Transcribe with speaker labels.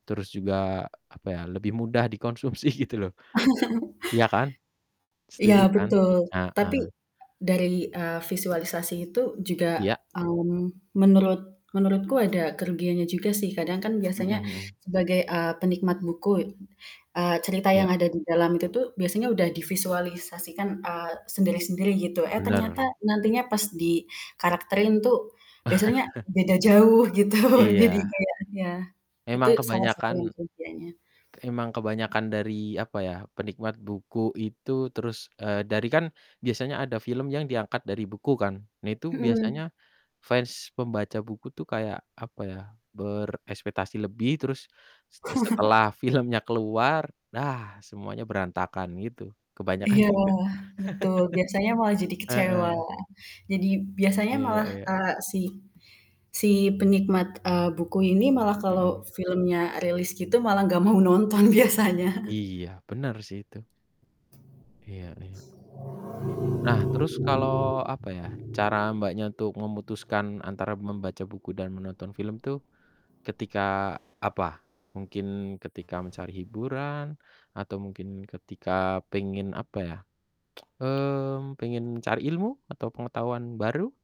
Speaker 1: Terus juga apa ya, lebih mudah dikonsumsi gitu loh, iya kan?
Speaker 2: Ya
Speaker 1: Setuju kan?
Speaker 2: betul. Tapi
Speaker 1: Heeh.
Speaker 2: dari, eee, visualisasi itu juga,
Speaker 1: Iya.
Speaker 2: mmm, menurut menurutku ada kerugiannya juga sih. Kadang kan
Speaker 1: Mhm
Speaker 2: biasanya
Speaker 1: mhm.
Speaker 2: sebagai, eee, penikmat buku, e eee, cerita yang
Speaker 1: Iya.
Speaker 2: ada di dalam itu biasanya udah divisualisasikan, eee, sendiri-sendiri gitu. Eh ternyata
Speaker 1: Bener.
Speaker 2: nantinya pas dikarakterin tuh biasanya beda jauh gitu jadi
Speaker 1: Iya.
Speaker 2: kayaknya, itu
Speaker 1: Emang
Speaker 2: salah satu yang
Speaker 1: kebanyakan
Speaker 2: kerugiannya.
Speaker 1: emang kebanyakan dari apa ya, penikmat buku itu terus, eee, dari kan biasanya ada film yang diangkat dari buku kan. Nah itu biasanya
Speaker 2: Mhm.
Speaker 1: fans pembaca buku tuh kayak apa ya, berekspektasi lebih terus s setelah filmnya keluar, nah semuanya berantakan gitu, kebanyakan
Speaker 2: Iya,
Speaker 1: gitu.
Speaker 2: betul. Biasanya malah jadi kecewa.
Speaker 1: Heeh.
Speaker 2: Jadi biasanya
Speaker 1: Iya
Speaker 2: malah,
Speaker 1: iya.
Speaker 2: eee, si si penikmat, eee, buku ini malah kalau
Speaker 1: Mhm.
Speaker 2: filmnya rilis gitu, malah nggak mau nonton biasanya.
Speaker 1: Iya bener sih itu. Iya iya. Nah, terus kalo apa ya, cara Mbaknya untuk memutuskan antara membaca buku dan menonton film tuh ketika apa? Mungkin ketika mencari hiburan atau mungkin ketika pengen apa ya, mmm, pengen cari ilmu atau pengetahuan baru?